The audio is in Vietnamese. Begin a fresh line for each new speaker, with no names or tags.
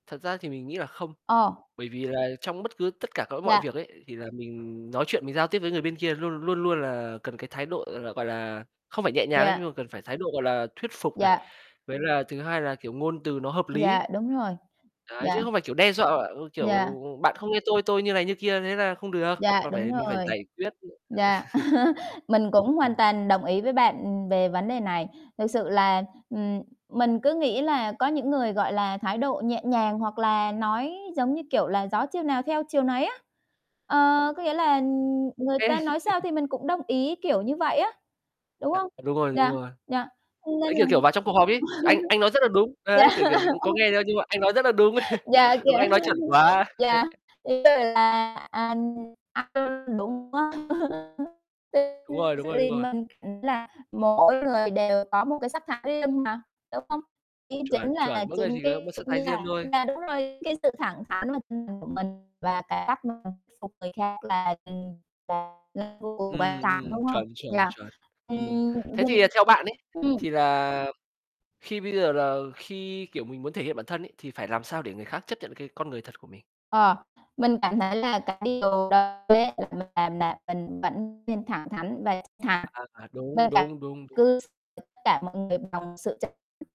Thật ra thì mình nghĩ là không.
Ờ.
Bởi vì là trong bất cứ tất cả các mọi
Yeah.
việc ấy thì là mình nói chuyện mình giao tiếp với người bên kia luôn luôn luôn là cần cái thái độ, gọi gọi là, không phải nhẹ nhàng nhá
Yeah.
nhưng mà cần phải thái độ, gọi là, thuyết phục này.
Yeah.
Với là thứ hai là, kiểu, ngôn từ nó hợp lý.
Yeah, đúng rồi,
Đấy, chứ
yeah.
không phải, kiểu, đe dọa,
Yeah.
kiểu, bạn không nghe tôi, tôi như này như kia thế là không được,
Yeah,
mà
đúng
phải mình phải
rồi.
giải quyết.
Yeah, mình cũng hoàn
Ừm.
toàn đồng ý với bạn về vấn đề này. Thực sự là, ừm, mình cứ nghĩ là có những người, gọi là, thái độ nhẹ nhàng hoặc là nói, giống như, kiểu, là gió chiều nào theo chiều nấy á. Ờ, có nghĩa là người
Kê.
ta nói sao thì mình cũng đồng ý, kiểu, như vậy á, đúng
À,
hông?
đúng rồi, đúng
Yeah,
rồi.
yeah, nên
Đấy,
là
kiểu, kiểu, vào trong cuộc họp ấy, "Anh anh nói rất là đúng."
yeah.
đấy, kiểu, kiểu, có nghe đâu, nhưng mà "Anh nói rất là đúng."
Yeah,
"Đúng,
kiểu,
anh nói chuẩn quá."
yeah, thế rồi là, à,
Đúng rồi,
[unintelligible]
đúng rồi, đúng rồi.
mình nghĩ là mỗi người đều có một cái sắc thái riêng mà, đúng hông?
Chuẩn,
Chính là
chuẩn, mỗi người
chính
chỉ có một
cái
style riêng
[unintelligible]
thôi.
yeah, đúng rồi, cái sự thẳng thắn [unintelligible] của mình và cái cách [unintelligible] thuyết phục người khác là
Ừm,
[unintelligible]
ừm,
đúng hông?
chuẩn, chuẩn,
Yeah,
chuẩn. Ừm,
ừm, ừm.
thế thì theo bạn ấy,
Ừm.
thì là khi bây giờ là khi, kiểu, mình muốn thể hiện bản thân ấy thì phải làm sao để người khác chấp nhận cái con người thật của mình?
Ờ, mình cảm thấy là cái điều đó ấy, [unintelligible] là mình vẫn nên thẳng thắn và thật thà,
À, đúng,
[unintelligible]
đúng, đúng, đúng.
cứ tất cả mọi người bằng sự chân